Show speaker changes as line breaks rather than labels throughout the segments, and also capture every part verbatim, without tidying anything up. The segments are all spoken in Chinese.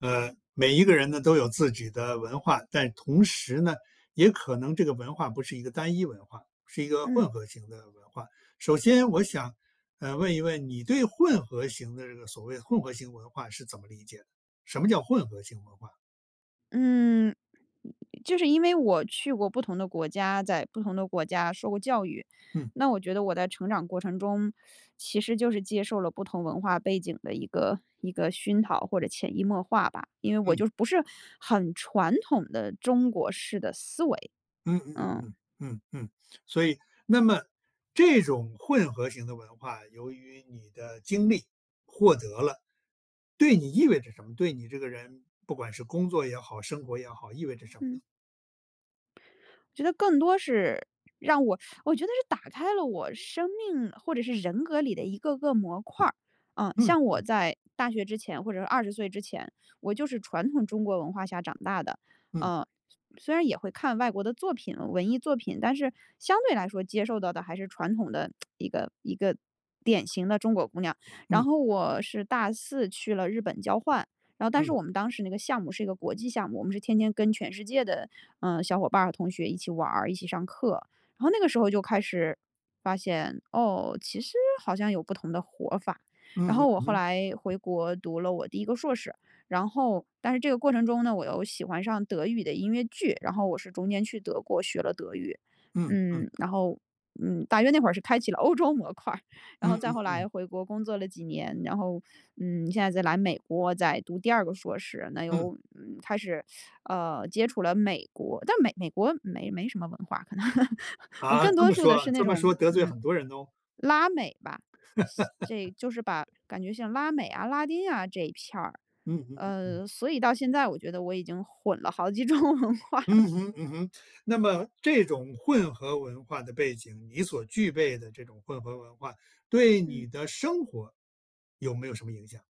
呃，每一个人呢，都有自己的文化，但同时呢，也可能这个文化不是一个单一文化，是一个
嗯。
混合型的文化。首先我想，呃，问一问你对混合型的这个所谓的混合型文化是怎么理解的？什么叫混合型文化？
嗯。就是因为我去过不同的国家，在不同的国家受过教育，
嗯。
那我觉得我在成长过程中，其实就是接受了不同文化背景的一个一个熏陶或者潜移默化吧，因为我
嗯。
就不是很传统的中国式的思维。
嗯嗯嗯
嗯。
嗯，嗯嗯，所以那么这种混合型的文化，由于你的经历，获得了对你意味着什么？对你这个人不管是工作也好，生活也好，意味着什么呢？
嗯。觉得更多是，让我 我觉得是打开了我生命，或者是人格里的一个个模块儿，嗯，像我在大学之前或者是二十岁之前，我就是传统中国文化下长大的，
嗯。
呃，虽虽然也会看外国的作品文艺作品，但是相对来说，接受到的还是传统的 一个一个典型的中国姑娘。然
嗯。
后我是大四去了日本交换，然后但是
嗯。
我们当时那个项目是一个国际项目，我们是天天跟全世界的，嗯，小伙伴和同学一起玩儿、一起上课。然后那个时候就开始发现，哦，其实好像有不同的活法，
嗯
然
哼
后我
嗯
后
哼。
来回国读了我第一个硕士，然后但是这个过程中呢，我又喜欢上德语的音乐剧，然后我是中间去德国学了德语。
嗯，嗯。
嗯，然后，嗯，大约那会儿是开启了欧洲模块，然后
嗯
再
嗯
后来
嗯。
回国工作了几年，然后，嗯，现在再来美国再读第二个硕士，那
嗯。
又开始，呃，接触了美国，但美美国没没什么文化可能，我
啊，
更
这
多
么
数的
说
是那
这么
种，
说，得罪
嗯，
很多人哦。
拉美吧，这就是把感觉像拉美啊、拉丁啊这一片儿，
嗯嗯嗯嗯。
呃，所以到现在，我觉得我已经混了好几种文化了。
嗯哼嗯哼，那么这种混合文化的背景，你所具备的这种混合文化，对
嗯。
你的生活有没有什么影响？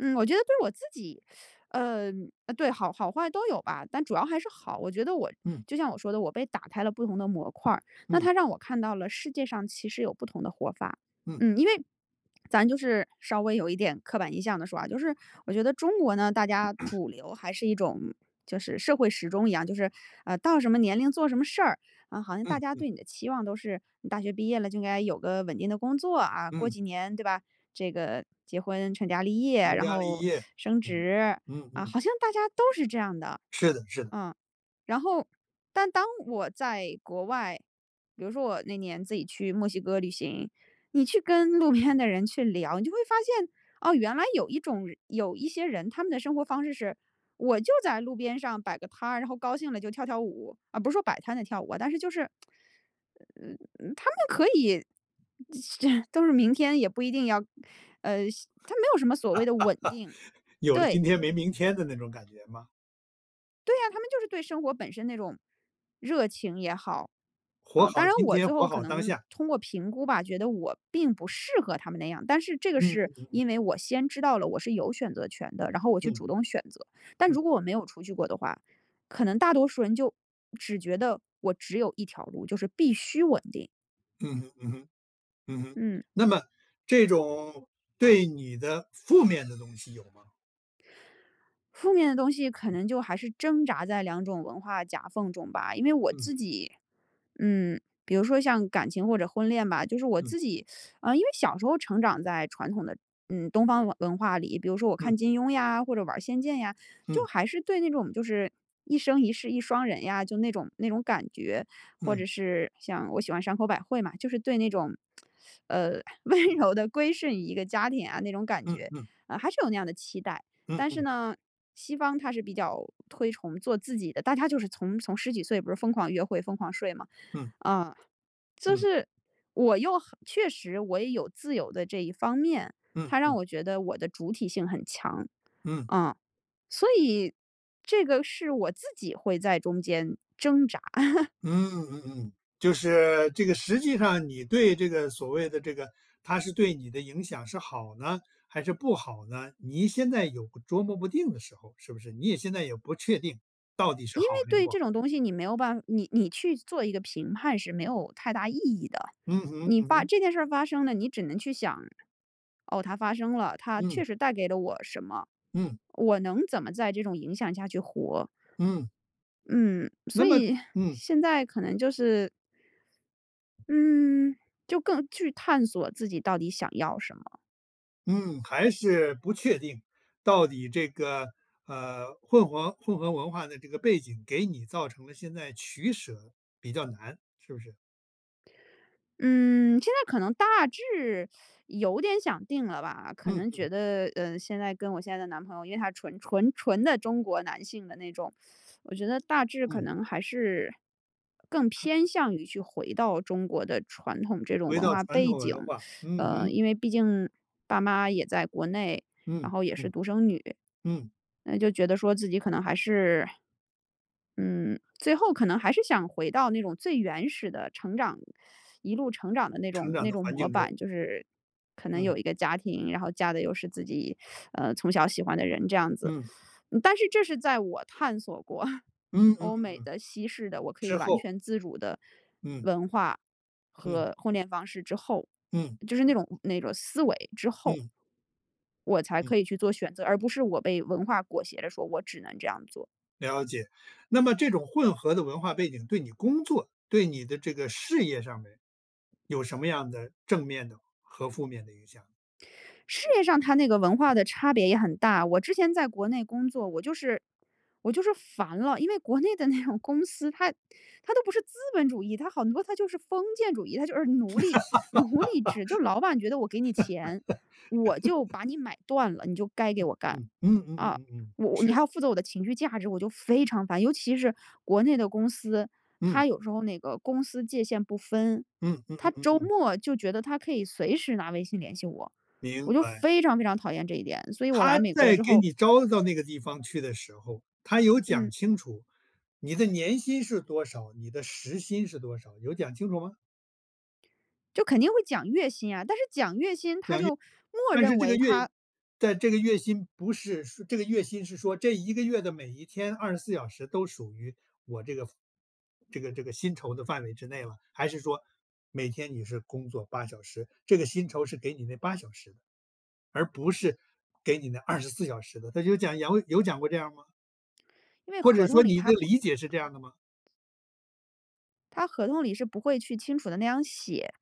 嗯我觉得对我自己，呃呃对好好坏都有吧，但主要还是好，我觉得我
嗯。
就像我说的，我被打开了不同的模块儿，那
嗯。
它让我看到了世界上其实有不同的活法。
嗯。
嗯，因为 咱就是稍微有一点刻板印象地说啊，就是我觉得中国呢，大家 主流还是一种就是社会时钟一样，就是呃到什么年龄做什么事儿，嗯好像大
嗯
家
嗯。
对你的期望都是，你大学毕业了就应该有个稳定的工作啊，过
嗯。
几年对吧？这个结婚成家立业，
成
然
家立
后
业，
升
嗯
职，
嗯
啊，
嗯。
好像大家都是这样的，
是的是的。
嗯。然后但当我在国外，比如说我那年自己去墨西哥旅行，你去跟，路边的人去聊，你就会发现，哦原来有一种人有一些人，他们的生活方式是，我就在路边上摆个摊儿，然后高兴了就跳跳舞，啊不是说摆摊的跳舞啊，但是就是 嗯嗯他们可以就，都是明天，也不一定要呃他没有什么所谓的稳定，
有了
对。
今天没明天的那种感觉吗？
对啊，他们就是对生活本身那种热情也好，
活
啊当
好
然
今
我
天，
最
活
后可
好当
能
下。
通过评估吧，觉得我并不适合他们那样，但是这个
嗯
是
嗯嗯
因
嗯。
为我先知道了我是有选择权的，然后我去
嗯。
主动选择。但
嗯。
如果我没有出去过的话，可能大多数人就只觉得，我只有一条路，就是必须稳定。
嗯哼嗯哼嗯哼。
嗯。
那么这种对你的负面的东西有吗？
负面的东西可能就还是挣扎在两种文化夹缝中吧。因为我
嗯。
自己嗯，比如说像感情或者婚恋吧，就是我
嗯。
自己，啊因为小时候成长在传统的嗯，东方文文化里，比如说我
嗯。
看"金庸"呀，或者玩儿"仙剑"呀，就
嗯。
还是对那种就是，“一生一世一双人”呀，就那种那种感觉。或
嗯。
者是像我喜欢山口百惠嘛，就是对那种，呃，温柔地归顺于一个家庭啊那种感
嗯
觉，
嗯。
啊还是有那样的期待。
嗯
但是
嗯。
呢西方它是比较推崇做自己的，大家就是从从十几岁不是疯狂约会、疯狂睡吗？
嗯。
啊，就
嗯。
是我又很确实我也有自由的这一方面，
嗯
它让
嗯。
我觉得我的主体性很强，
嗯。
啊，所以这个是我自己会在中间挣扎。
嗯嗯嗯，就是这个实际上你对这个所谓的这个它是对你的影响是好呢还是不好呢？你现在有个琢磨不定的时候，是不是？你也现在也不确定到底是
因为
好还是
对
不好。
这种东西你没有办法你你去做一个评判是没有太大意义的，
嗯哼
你
嗯
发
哼。
这件事儿发生了，你只能去想：“哦，它发生了，它确
嗯。
实带给了我什么？
嗯。
我能怎么在这种影响下去活？”
嗯。
嗯，
那
所
么
以
嗯。
现在可能就是嗯，就更去探索自己到底想要什么？
嗯，还是不确定。到底这个呃，混合混合文化的这个背景，给你造成了现在取舍比较难，是不是？
嗯，现在可能大致 有点想定了吧。可
嗯
能觉
嗯。
得嗯，现在跟我现在的男朋友，因为他纯纯纯的中国男性的那种，我觉得大致可
嗯。
能还是更偏向于去回到中国的传统这种
回
文
到
化
传
背
统
景。
文化，嗯
呃，
哼。
因为毕竟爸妈也在国内，然
嗯，
后也是
嗯，
独生女。
嗯。
那就觉得说自己可能还是嗯，最后可能还是想回到那种最原始的成长 一路成长的那
成
种
长
那
的
种
环
模
境中。
板，就是可能
嗯。
有一个家庭，然后嫁的又是自己 呃，从小喜欢的人这样子。
嗯。
嗯，但是这是在我探索过
嗯嗯
欧
嗯
美
嗯。
的、西式的，我可以
之
完
后。
全自主的
嗯。
文化
嗯。
和婚恋方式之后，
嗯。
就是那种那种思维之后，
嗯。
我才
嗯。
可以去做选择，而不是我被文化裹挟着说，我只能这样做。
了解。那么这种混合的文化背景对你工作对你的这个事业上面有什么样的正面的和负面的影响？
事业上它那个文化的差别也很大。我之前在国内工作，我就是我就是烦了，因为，国内的那种公司，它它都不是"资本主义"，它很多它就是"封建主义"，它就是奴隶奴隶制。就是老板觉得我给你钱，我就 把你买断了，你就该给
嗯
我干，
嗯嗯嗯嗯
啊。
嗯嗯，
我你
是。
还要负责我的情绪价值，我就非常烦，尤其是国内的公司，
嗯。
它有时候那个公私界限不分，
嗯嗯嗯
它
嗯
周
嗯。
末就觉得他可以随时拿微信联系我，
明
我就
白。
非常非常讨厌这一点，所以我
他
来美国
在
之
给
后
你招到那个地方去的时候，他有讲
嗯。
清楚你的年薪是多少？你的时薪是多少？有讲清楚吗？
就肯定会讲月薪啊，但是讲月薪他
讲月
就默
但是
认
这个
为
月
他
但这个月薪不是说这个月薪是说这一个月的每一天二十四小时都属于我这个这个这个薪酬的范围之内了。还是说每天你是工作八小时，这个薪酬是给你那八小时的？而不是给你那二十四小时的，他就讲有有讲过这样吗？
因为
或者
合同
说
里
你
它
的
不可
理解是这
能吧。
样的吗？
它合同里是不会去清楚地那样写，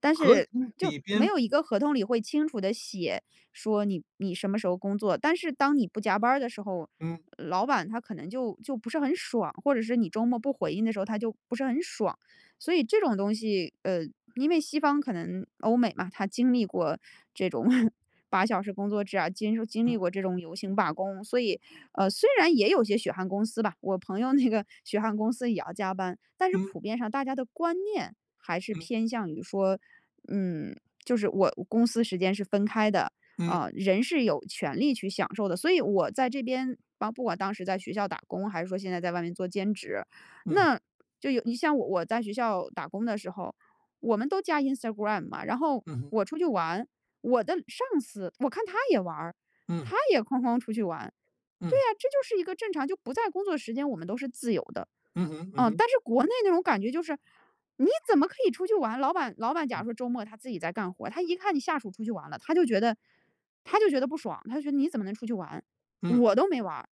但
合
是
同
就
里
没
边
有一个合同里会清楚地写，说，你你什么时候工作，但是当你不加班儿的时候，
嗯。
老板他可能，就就不是很爽，或者是你周末不回应的时候，他就不是很爽。所以这种东西呃，因为西方可能欧美嘛，它经历过这种 八小时工作制啊，经受经历
嗯。
这种游行罢工。所以，呃，虽然也有些血汗公司吧，我朋友那个 血汗公司也要加班，但是
嗯。
普遍上大家的观念还是
嗯。
偏向于说嗯，就是我公私时间是分开的，
嗯。
啊，人是有权利去享受的。所以我在这边啊，不管当时在学校打工，还是说现在在外面做兼职，
嗯。
那就有你像我在学校打工的时候，我们都加 Instagram 嘛，然后
嗯哼。
我出去玩，我的上司，我看他也玩儿，
嗯。
他也哐哐出去玩。对
嗯。
呀，这就是一个正常，就不在工作时间我们都是自由的。
嗯哼嗯
嗯，
哼。
但是国内那种感觉就是你怎么可以出去玩，老板老板假
嗯。
如说周末他自己在干活，他一看你下属出去玩了，他就觉得他就觉得不爽，他就觉得你怎么能出去玩，
嗯。
我都没玩儿。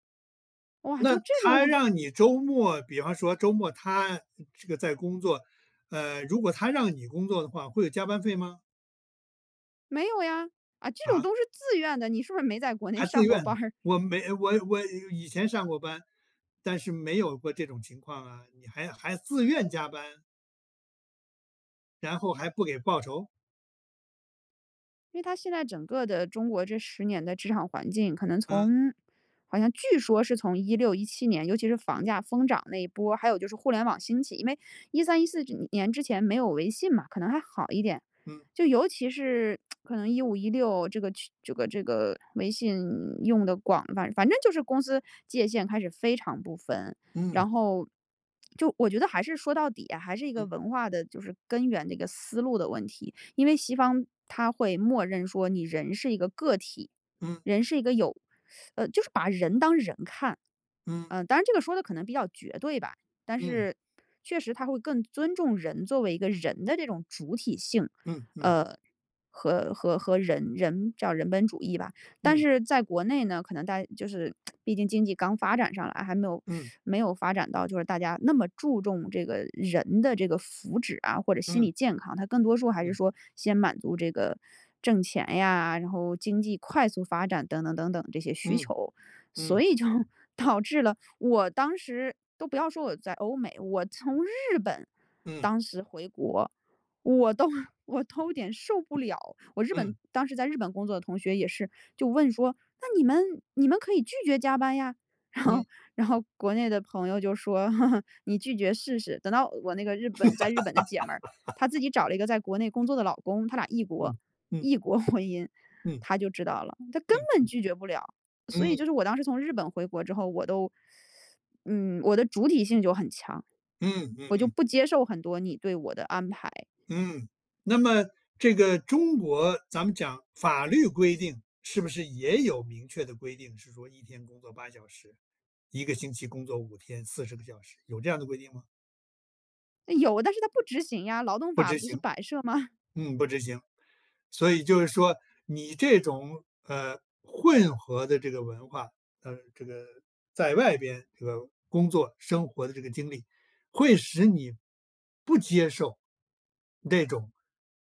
哇，
那
就这种
他让你 周末比方说周末他这个在工作呃，如果他让你工作的话，会有加班费吗？
没有呀，啊，这种
啊？
都是自愿的，你是不是没在国内
还自
上过
愿，
班儿。
我没我我以前上过班，但是没有过这种情况啊，你还还自愿加班。然后还不给报酬？
因为他现在整个的中国这十年的职场环境，可能
嗯。
从好像据说是从一六一七年，尤其是房价疯涨那一波，还有就是互联网兴起，因为一三一四之年之前没有微信嘛，可能还好一点，
嗯。
就尤其是 可能一五一六这个去这个这个微信用得广，反反正就是公司界限开始非常不分，
嗯。
然后，就我觉得还是说到底啊，还是一个
嗯。
文化的就是根源的一个思路的问题。因为西方它会默认说你人是一个个体，
嗯。
人是一个有，呃，就是把人当人看，
嗯。
呃，当然这个说的可能比较绝对吧，但
嗯。
是确实它会更尊重人作为一个人的这种主体性。
嗯嗯。
呃，和和和人人叫人本主义吧，但
嗯。
是在国内呢，可能大家就是 毕竟经济刚发展上来，还没有
嗯。
没有发展到就是大家那么注重这个人的这个福祉啊，或者心
嗯。
理健康，它更多说还是
嗯。
说先满足这个挣钱呀，然后经济快速发展等等等等这些需
嗯，
求。
嗯。
所以就导致了我当时都不要说我在欧美，我从日本
嗯。
当时回国，我都我都有点受不了，我日本
嗯。
当时在日本工作的同学也是，就问说，“那你们你们可以拒绝加班呀，“然后
嗯。
然后国内的朋友就说，“你拒绝试试。”等到我那个日本在日本的姐妹儿，她自 己找了一个在国内工作的老公，她俩异国
嗯嗯。
异国婚姻，
嗯。
她就知道了，他根
嗯
本
嗯。
拒绝不了。所以就
嗯。
是我当时从日本回国之后，我都，嗯，我的主体性就很强，
嗯嗯
我就
嗯。
不接受很多你对我的安排。
嗯，那么这个中国咱们讲法律规定是不是也有明确的规定，是说一天工作八小时，一个星期工作五天四十个小时，有这样的规定吗？
有，但是它不执行呀，劳动
不
法
执
不是
行。
摆设吗？
嗯，不执行，所以就是说，你这种，呃，混合的这个文化，呃，这个在外边这个工作、生活的这个经历，会使你不接受那种，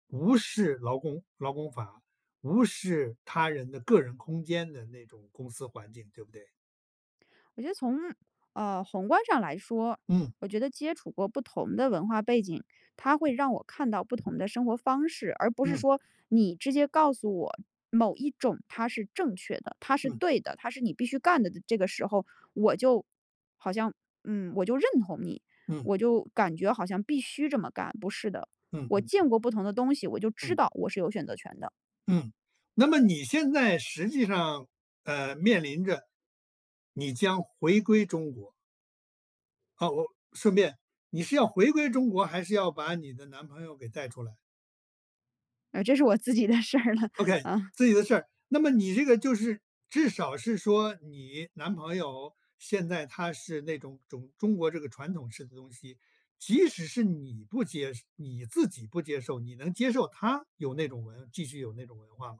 无视劳工劳工法，无视他人的个人空间的那种公司环境，对不对？
我觉得从，呃，宏观上来说，
嗯。
我觉得接触过不同的文化背景，它会让我看到不同的生活方式，而不是
嗯。
说你直接告诉我，某一种它是正确的，它是
嗯。
对的，它是你必须干的。这个时候我就好像，嗯，我就认同你，
嗯。
我就感觉好像必须这么干，不是的。
嗯
我
嗯嗯。
见过不同的东西，我就知
嗯。
道我是有选择权的。
嗯，那么你现在实际上，呃，面临着，你将回归中国。哦，哦，顺便你是要回归中国，还是要把你的男朋友给带出来？
呃，这是我自己的事儿了，
OK，
嗯。
自己的事，那么你这个就是，至少是说你男朋友，现在他是那种中中国这个传统式的东西，即使是你不接受你自己不接受，你能接受他有那种文继续有那种文化吗？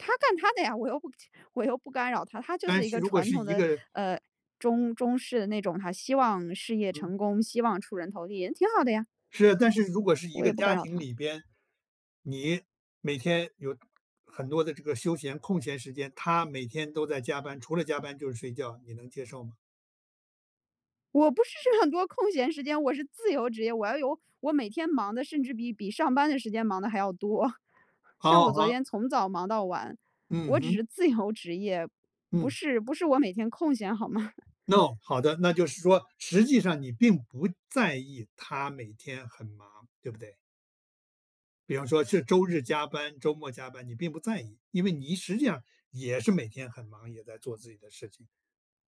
他干他的呀，我又不我又不干扰他，他就
但
是一
是
个
如果
传
是
统
一
的，
个
呃，中中式的那种他希望事业
嗯。
成功，希望出人头地，也挺好的呀。
是，但是如果是一
我
个
也不干
家
扰
庭
他。
里边，你每天有很多的这个休闲空闲时间，他每天都在加班，除了加班就是睡觉，你能接受吗？
我不是是很多空闲时间，我是自由职业，我要有我每天忙得甚至比比上班的时间忙得还要多。像
好
我
好
昨
好。
天从早忙到晚，
嗯
我只
哼。
是自由职业，不
嗯。
是不是我每天空闲好吗？
哦，那好的。那就是说，实际上你并不在意他每天很忙对不对？比方说是周日加班，周末加班，你并不在意，因为你实际上，也是每天很忙，也在做自己的事情，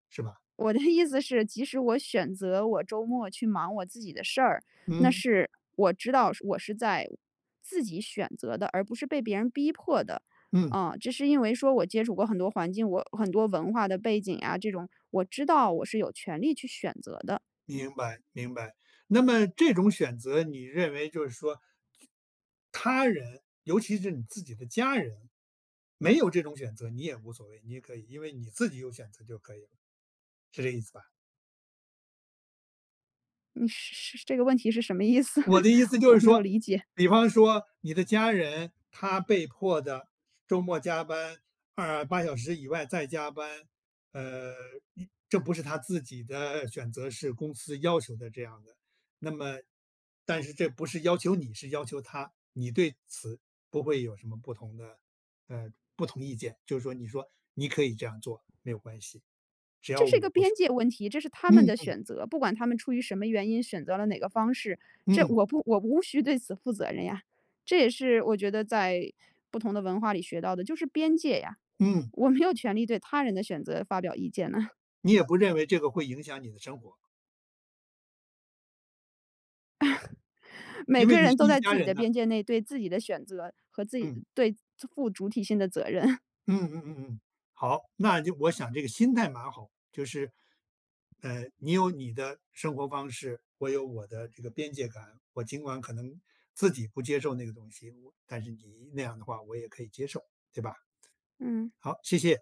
是吧？
我的意思是，即使我选择我周末去忙我自己的事儿，那
嗯。
是我知道我是在自己选择的，而不是被别人逼迫的，
嗯。
嗯。这是因为说我接触过很多环境，我很多文化的背景啊，这种，我知道我是有权利去选择的。
明白明白，那么这种选择，你认为就是说，他人，尤其是你自己的家人没有这种选择，你也无所谓，你也可以，因为你自己有选择就可以了。是这意思吧？
你是是，这个问题是什么意思？
我 的意思就
我
是
没有
说，
理解。
比方说你的家人，他被迫地周末加班呃，八小时以外，再加班，呃这不是他自己的选择，是公司要求的这样的，那么但是，这不是要求你是要求他，你对此不会有什么不同的呃不同意见？就是说，你说你可以这样做没有关系，
这是一个边界问题，这是他
只要我
们
不
的
是。嗯嗯。
选择，不管他们出于什么原因选择了哪个方式，这
嗯。
我不我无需对此负责任呀。这也是我觉得在不同的文化里学到的，就是边界呀。
嗯。
我没有权利对他人的选择发表意见呐。
你也不认为这个会影响你的生活。
每
因为
个
你是
人都
一
在
家
自己
人
的
呐。
边界内，对自己的选择，和自己
嗯。
对负主体性的责任。
嗯嗯嗯嗯。好，那就我想这个心态蛮好，就是呃，你有你的生活方式，我有我的这个边界感，我尽管可能自己不接受那个东西，但是你那样的话我也可以接受，对吧？
嗯。
好，谢谢。